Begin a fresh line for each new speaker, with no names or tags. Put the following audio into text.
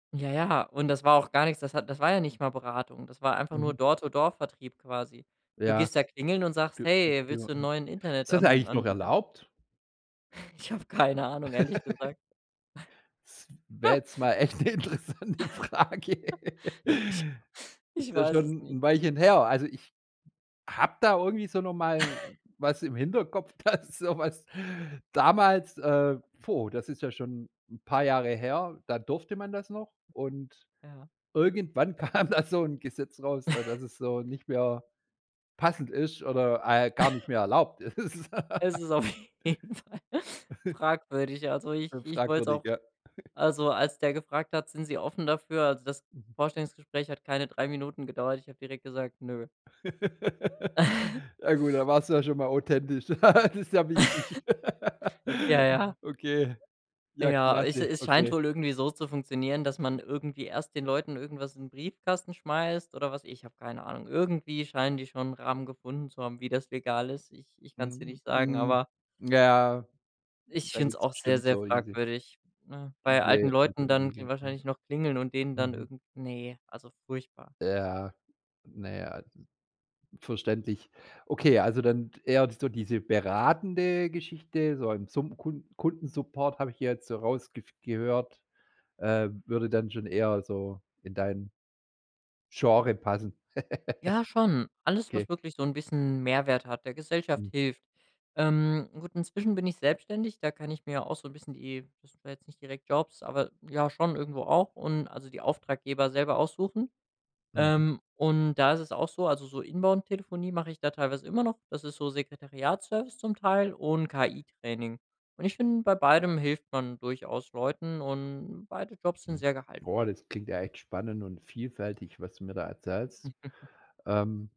Ja, ja. Und das war auch gar nix, das hat das war ja nicht mal Beratung. Das war einfach nur
Mhm.
dort so Door-to-Door Vertrieb quasi. Du
Ja.
gehst da klingeln und sagst: „Hey, willst du 'n
[unintelligible]
neuen
Ist das
Internetan
eigentlich noch
Anbieter”?
erlaubt?
Ich hab keine Ahnung, ehrlich gesagt.
Es wäre jetzt mal echt 'ne interessante Frage.
Ich
Ist
ich
ja
weiß es
schon
nicht.
'n Weilchen her. Also, ich habe da irgendwie so noch mal was im Hinterkopf, dass so was damals, äh puh, das ist ja schon 'n paar Jahre her da durfte man das noch und
Ja.
irgendwann kam da so 'n Gesetz raus, al dass es so nicht mehr passend ist oder, äh, gar nicht mehr erlaubt ist.
Es ist auf jeden Fall fragwürdig. Also, ich
Äh,
ich wollte es
fragwürdig,
auch
ja.
also, als der gefragt hat: „Sind Sie offen dafür”? Also, das
Mhm.
Vorstellungsgespräch hat keine 3 Minuten gedauert, ich habe direkt gesagt: „Ne”.
Ja gut, dann warst du ja schon mal authentisch. Das ist ja wichtig.
Ja, ja.
Okay. Ja,
Ja, es
klasse.
es scheint
Okay.
wohl irgendwie so zu funktionieren, dass man irgendwie erst den Leuten irgendwas in den Briefkasten schmeißt oder was, ich hab keine Ahnung. Irgendwie scheinen die schon 'n Rahmen gefunden zu haben, wie das legal ist. Ich ich kann's dir
Mhm.
nicht sagen,
Mh.
aber
Ja.
Ich
Da
find's
gibt's
auch sehr,
bestimmt
sehr
solche
fragwürdig, ne? Bei alten
Diese.
Leuten dann kl
[unintelligible] Mhm.
wahrscheinlich noch klingeln und denen dann
Mhm.
irgend ne, also furchtbar.
Ja. Naja, verständlich. Okay, also dann eher so diese beratende Geschichte. So im Summ Kund Kundensupport, habe ich hier jetzt so rausgef gehört. Ähm, würde dann schon eher so in dein Genre passen.
Ja, schon. Alles,
Okay.
was wirklich so 'n bisschen 'n Mehrwert hat, der Gesellschaft
Mhm.
hilft. Ähm, gut, inzwischen bin ich selbstständig, da kann ich mir ja auch so 'n bisschen die das sind zwar jetzt nicht direkt Jobs, aber ja schon irgendwo auch und also die Auftraggeber selber aussuchen.
Mhm.
Ähm, und da ist es auch so, also so Inbound-Telefonie mache ich da teilweise immer noch, das ist so Sekretariatsservice zum Teil und KI Training. Und ich finde, bei beidem hilft man durchaus Leuten und beide Jobs sind
Hm.
sehr
Boah,
gehaltvoll.
das klingt ja echt spannend und vielfältig, was du mir da erzählst. Ähm